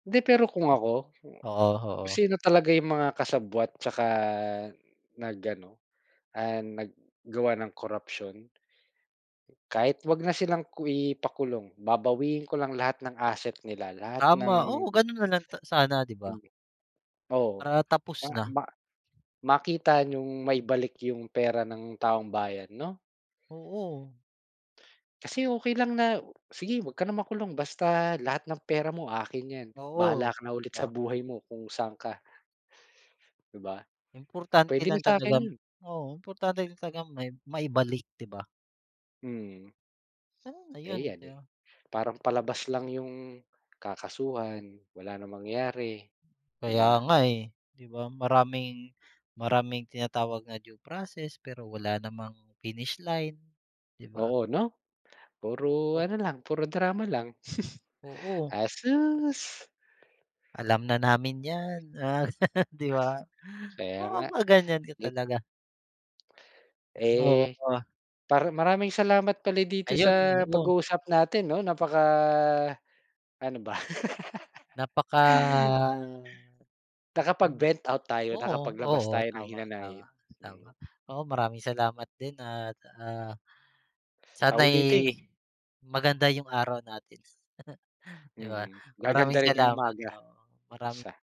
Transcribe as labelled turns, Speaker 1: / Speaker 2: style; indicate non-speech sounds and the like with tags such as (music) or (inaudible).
Speaker 1: Hindi, pero kung ako, kung
Speaker 2: Oo, oo.
Speaker 1: sino talaga yung mga kasabwat, tsaka nag ano, ah, naggawa ng corruption Kahit huwag na silang ku ipakulong, babawiin ko lang lahat ng asset nila, lahat ng
Speaker 2: Tama, oo, gano'n na lang, ta sana, 'di ba?
Speaker 1: Hmm, oo,
Speaker 2: Para, tapos
Speaker 1: ma
Speaker 2: na.
Speaker 1: ma makita niyong maibalik yung pera ng taong bayan, 'no?
Speaker 2: Oo.
Speaker 1: Kasi, okey lang na, "Sige, huwag ka na makulong, basta lahat ng pera mo, akin yan. Bahala
Speaker 2: Oo,
Speaker 1: ka na
Speaker 2: 'di
Speaker 1: ulit sa
Speaker 2: ba?
Speaker 1: buhay mo, kung saan ka" 'Di ba,
Speaker 2: Importante
Speaker 1: puwede
Speaker 2: lang
Speaker 1: na sa'kin
Speaker 2: talagang
Speaker 1: 'yon.
Speaker 2: oo, importante talagang mai maibalik, 'di ba?
Speaker 1: Mm.
Speaker 2: Puwede na
Speaker 1: Eh,
Speaker 2: 'yon,
Speaker 1: yan,
Speaker 2: 'di
Speaker 1: eh,
Speaker 2: ba?
Speaker 1: parang palabas lang yung, kakasuhan, wala ng mangyayari, 'di
Speaker 2: Kaya
Speaker 1: ba?
Speaker 2: nga, eh, 'di ba, maraming maraming tinatawag na due process, pero wala namang finish line, 'di ba?
Speaker 1: Oo, 'no? Puro
Speaker 2: Oh.
Speaker 1: ano lang, puro drama lang, (chuckles)
Speaker 2: Oo.
Speaker 1: asus!
Speaker 2: Alam na namin yan, ah, (laughs) 'di ba?
Speaker 1: Kaya
Speaker 2: Oo,
Speaker 1: nga.
Speaker 2: mapapaganyan ka
Speaker 1: It
Speaker 2: talaga. Mismo
Speaker 1: Eh,
Speaker 2: ka.
Speaker 1: para maraming salamat pala dito
Speaker 2: Ayun,
Speaker 1: sa
Speaker 2: oo.
Speaker 1: pag-uusap natin, 'no, napaka, ano ba? (laughs)
Speaker 2: Napaka, hindik
Speaker 1: Nakapag-vent out tayo,
Speaker 2: oo,
Speaker 1: nakapaglabas
Speaker 2: oo,
Speaker 1: tayo ng
Speaker 2: tama, tama,
Speaker 1: hinanakit,
Speaker 2: tama.
Speaker 1: hmm.
Speaker 2: Oo, maraming salamat din, at, ah,
Speaker 1: Sa
Speaker 2: sana'y
Speaker 1: uulitin.
Speaker 2: maganda yung araw natin, (chuckles) 'di ba?
Speaker 1: Mm,
Speaker 2: Maraming
Speaker 1: gaganda rin yung
Speaker 2: salamat,
Speaker 1: umaga,
Speaker 2: oo, maraming
Speaker 1: basta.